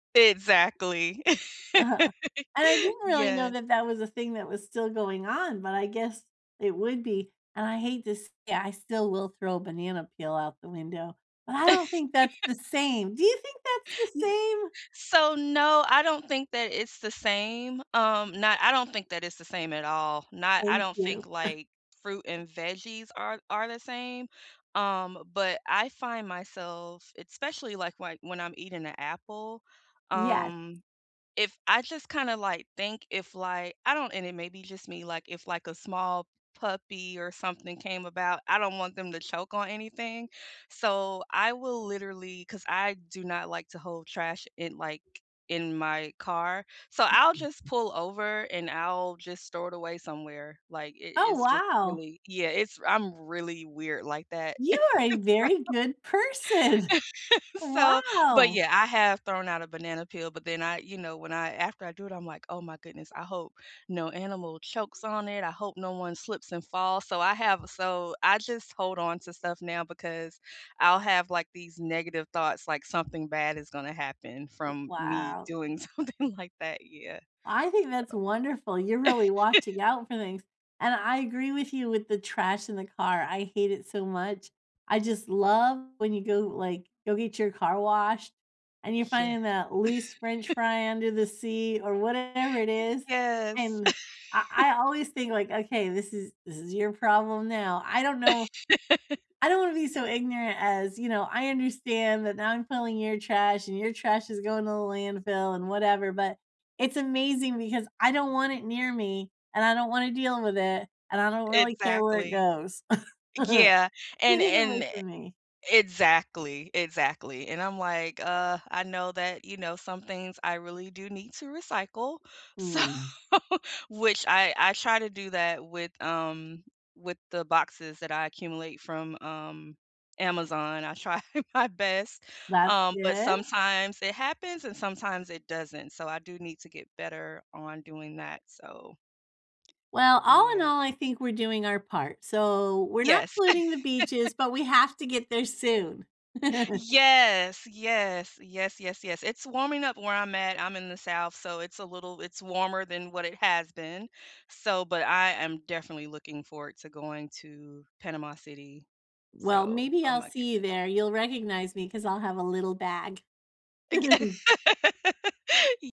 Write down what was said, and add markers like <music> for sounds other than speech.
Exactly. Uh-huh, <laughs> and I didn't really know Yes. that that was a thing that was still going on, but I guess it would be, and I hate this Yeah, I still will throw a banana peel out the window. But I don't think that's the <laughs> same. Do you think that's the N same? So, no, I don't think that it's the same, um, not I don't think that it's the same at all. Not I Thank don't think, you. like, fruit <chuckles> and veggies are are the same, um, but I find myself, especially, like, why when I'm eating a apple. Yes. Um, if I just kind of, like, think if, like, I don't and it may be just me, like, if, like, a small puppy or something came about, I don't want them to choke on anything, so I will literally 'Cause I do not like to hold trash in, like in my car, so I'll just pull over and I'll just store it away somewhere, like, it Oh, it's just wow. really Yeah, it's I'm really weird like that, You are a very <laughs> so good person. <laughs> so But, Wow. yeah, I have thrown out a banana peel, but then I, you know when I after I do it, I'm like, "Oh my goodness, I hope no animal chokes on it. I hope no one slips and falls," so I have so I just hold on to stuff now because I'll have, like, these negative thoughts, like something bad is gonna happen from me Wow. doing something like that. Yeah, so I think that's wonderful, you're really <laughs> watching out for things, and I agree with you with the trash in the car, I hate it so much, I just love when you go, like, go get your car washed and you're Yeah. finding that loose French <laughs> fry under the seat or whatever it is, Yes. and I <laughs> I always think, like, "Okay, this is this is your problem now," I don't know. I don't wanna <laughs> be so ignorant as, you know, "I understand that now I'm filling your trash, and your trash is going to the landfill, and whatever," but it's amazing because I don't want it near me, and I don't wanna deal with it, and I don't really care where it Exactly. goes. <chuckles> Yeah. And "Get it and away e from me." Exactly, exactly, and I'm like, "Ugh, I know that," you know, "some things I really do need to recycle." So Mm. Which I I try to do that with, um with the boxes that I accumulate from, um, Amazon. I try my best, That's um, but good. sometimes it happens and sometimes it doesn't. So, I do need to get better on doing that. So Well, all in Yeah. all, I think we're doing our part. So, we're not Yes. polluting the beaches, but we <laughs> have to get there soon. <chuckles> Yes. Yes. Yes, yes, yes. It's warming up where I'm at. I'm in the South, so it's a little it's warmer than what it has been. So But I am definitely looking forward to going to Panama City. Well, So maybe Oh I'll my see you goodness. there. You'll recognize me 'cause I'll have a little bag. Eg <chuckles> <laughs> Y